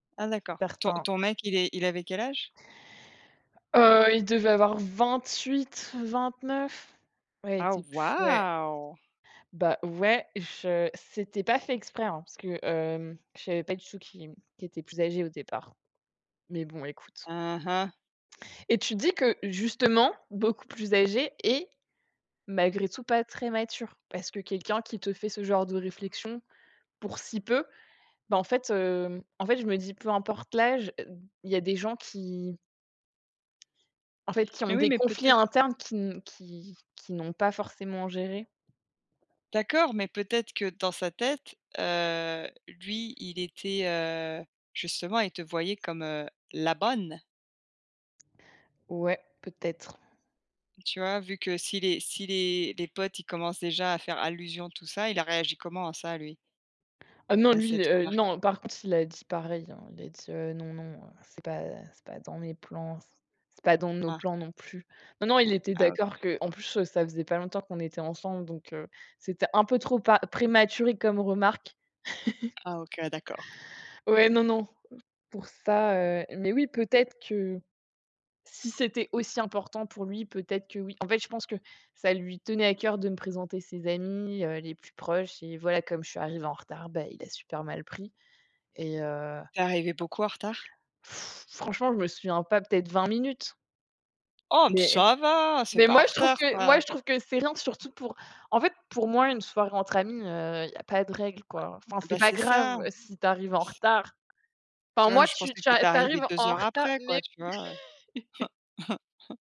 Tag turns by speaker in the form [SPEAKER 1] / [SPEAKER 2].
[SPEAKER 1] Ah, d'accord! Ton
[SPEAKER 2] [unintelligible]
[SPEAKER 1] ton mec il est il avait quel âge?
[SPEAKER 2] Heu, il devait avoir 28-29. Ouais, il
[SPEAKER 1] Ah
[SPEAKER 2] était plus, ouais
[SPEAKER 1] waouh!
[SPEAKER 2] ben, ouais, je c'était pas fait exprès, hein, parce que, hem, je savais pas du tout qui m qu'il était plus âgé au départ mais bon, écoute.
[SPEAKER 1] Hein, hein.
[SPEAKER 2] Et tu te dis que, justement, beaucoup plus âgé et malgré tout pas très mature, parce que quelqu'un qui te fait ce genre de réflexion, pour si peu, ben, en fait, heu, en fait, je me dis: «Peu importe l'âge, e il y a des gens qui en fait, qui ont
[SPEAKER 1] Mais oui,
[SPEAKER 2] des
[SPEAKER 1] mais
[SPEAKER 2] conflits
[SPEAKER 1] peut-être
[SPEAKER 2] internes qui n qui qu'ils n'ont pas forcément gérés».
[SPEAKER 1] d'accord, mais peut-être que dans sa tête, heu, lui, il était, heu, justement, il te voyait comme, heu, la bonne.
[SPEAKER 2] Ouais, peut-être.
[SPEAKER 1] Tu vois, vu que si les si les les potes, ils commencent déjà à faire allusion, tout ça, il a réagi comment à ça, lui?
[SPEAKER 2] Ah non!
[SPEAKER 1] à
[SPEAKER 2] Lui,
[SPEAKER 1] cette
[SPEAKER 2] heu,
[SPEAKER 1] remarque?
[SPEAKER 2] non, par contre, il a dit pareil, hein, il a dit, heu: «Non, non, heu, c'est pas c'est pas dans mes plans, c'est c'est pas dans nos
[SPEAKER 1] Ah!
[SPEAKER 2] plans non plus». Non, non, il était
[SPEAKER 1] Ah
[SPEAKER 2] d'accord
[SPEAKER 1] OK.
[SPEAKER 2] que en plus, heu, ça faisait pas longtemps qu'on était ensemble, donc heu, c'était un peu trop pa prématuré comme remarque.
[SPEAKER 1] Ah, OK, d'accord.
[SPEAKER 2] Ouais, non, non, pour ça, heu, mais oui, peut-être que si c'était aussi important pour lui peut-être que, oui. En fait, je pense que ça lui tenait à cœur de me présenter ses amis, heu, les plus proches et voilà, comme je suis arrivée en retard, ben, il l'a super mal pris et heu
[SPEAKER 1] Tu es arrivée beaucoup en retard?
[SPEAKER 2] franchement, je me souviens pas, peut-être 20 minutes
[SPEAKER 1] Oh! M
[SPEAKER 2] mais
[SPEAKER 1] ça va, c'est
[SPEAKER 2] mais
[SPEAKER 1] pas en
[SPEAKER 2] moi, je trouve
[SPEAKER 1] retard,
[SPEAKER 2] que moi,
[SPEAKER 1] ça!
[SPEAKER 2] je trouve que c'est rien, surtout pour, en fait, pour, moi, une soirée entre amis, heu, il y a pas de règle,
[SPEAKER 1] Ouais.
[SPEAKER 2] quoi, enfin, c'est
[SPEAKER 1] Ben,
[SPEAKER 2] pas
[SPEAKER 1] c'est
[SPEAKER 2] grave
[SPEAKER 1] ça.
[SPEAKER 2] si tu arrives en retard,
[SPEAKER 1] Tu
[SPEAKER 2] enfin,
[SPEAKER 1] vois, moi
[SPEAKER 2] moi,
[SPEAKER 1] je
[SPEAKER 2] tu
[SPEAKER 1] pensais
[SPEAKER 2] tu
[SPEAKER 1] que tu étais
[SPEAKER 2] tu
[SPEAKER 1] arrivée
[SPEAKER 2] arrives
[SPEAKER 1] 2
[SPEAKER 2] en
[SPEAKER 1] heures
[SPEAKER 2] retard,
[SPEAKER 1] après
[SPEAKER 2] mais
[SPEAKER 1] quoi, tu vois, heu?